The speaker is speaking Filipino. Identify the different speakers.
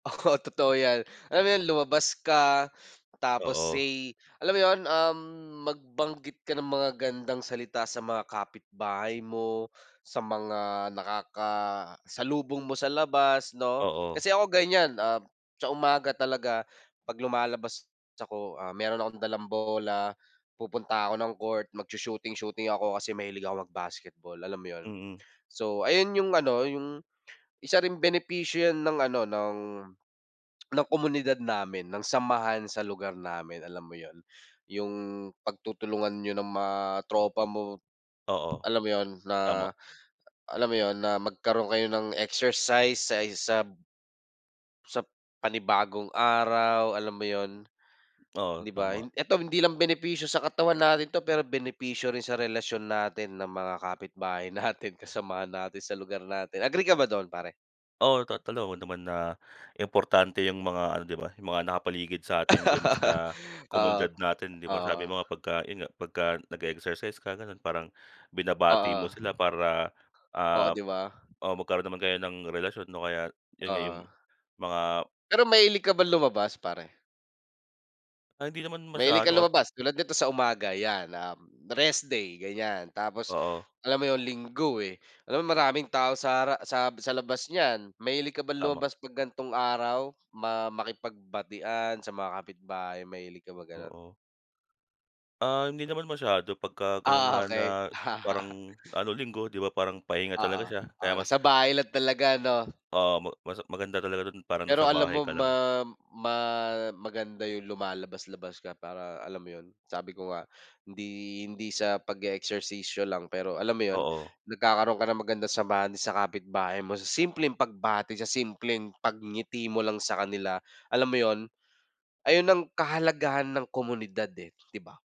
Speaker 1: Oo totoo yan. Alam mo yun, lumabas ka tapos
Speaker 2: Oo.
Speaker 1: say alam mo yun, um, magbanggit ka ng magagandang salita sa mga kapitbahay mo, sa mga nakakasalubong mo sa labas 'no.
Speaker 2: Oo.
Speaker 1: Kasi ako ganyan, ah, sa umaga talaga 'pag lumalabas ako, ah, meron akong dalang bola, pupunta ako ng court. Magshu-shooting-shooting ako kasi mahilig ako mag-basketball alam mo yun.
Speaker 2: Mm.
Speaker 1: So ayun yung ano yung isa ring benepisyo yan ng ano ng ng komunidad namin, ng samahan sa lugar namin alam mo yun, yung pagtutulungan niyo ng mga tropa mo,
Speaker 2: Oo,
Speaker 1: alam mo yun.
Speaker 2: tama.
Speaker 1: Na alam mo yun, na magkaroon kayo ng exercise sa isab sa panibagong araw, alam mo yun,
Speaker 2: Oo,
Speaker 1: 'di ba?
Speaker 2: tama.
Speaker 1: Hin eto hindi lang benepisyo sa katawan natin 'to pero benepisyo rin sa relasyon natin ng mga kapitbahay natin, kasamahan natin sa lugar natin. Agree ka ba dun pare?
Speaker 2: Oo to alam mo naman na importante yung mga ano 'di ba yung mga nakapaligid sa atin diyan sa
Speaker 1: Oo,
Speaker 2: komunidad natin 'di ba?
Speaker 1: oo.
Speaker 2: Sabi mo nga pagka yun nga, pagka nag-e-exercise ka ganon, parang binabati mo
Speaker 1: Oo.
Speaker 2: sila para,
Speaker 1: Oo
Speaker 2: ah,
Speaker 1: 'di ba?
Speaker 2: oh, magkaroon naman kayo ng relasyon 'no? Kaya yun nga yung
Speaker 1: Oo.
Speaker 2: mga
Speaker 1: Pero mahilig ka ba lumabas pare?
Speaker 2: Ay hindi naman
Speaker 1: Mahilig ka
Speaker 2: masyado kasi
Speaker 1: lumabas? Tulad nito sa umaga yan, um, rest day ganyan. Tapos
Speaker 2: Oo.
Speaker 1: alam mo yun Linggo eh, alam mo maraming tao sa ra sa sa labas niyan. Mahilig ka ba
Speaker 2: Tama.
Speaker 1: lumabas 'pag gan'tong araw? Ma makipagbatian sa mga kapitbahay? Mahilig ka bang ganun?
Speaker 2: Oo. Ah, hindi naman masyado, pagka ganon
Speaker 1: Ah
Speaker 2: nga na
Speaker 1: okey.
Speaker 2: parang ano, Linggo 'di ba? Parang pahinga talaga
Speaker 1: Oo,
Speaker 2: siya
Speaker 1: oo
Speaker 2: kaya mas
Speaker 1: nasa bahay lang talaga ano?
Speaker 2: oo, ma mas maganda talaga dun parang nasa
Speaker 1: Pero alam
Speaker 2: bahay
Speaker 1: mo,
Speaker 2: ka lang.
Speaker 1: ma ma maganda yung lumalabas-labas ka para alam mo yun, sabi ko nga hindi hindi sa pag-e-eksersisyo lang pero alam mo yun,
Speaker 2: Oo.
Speaker 1: nagkakaroon ka ng magandang samahan sa kapitbahay mo sa simpleng pagbati, sa simpleng pagngiti mo lang sa kanila, alam mo yun. Ayun ang kahalagahan ng komunidad eh, 'di ba?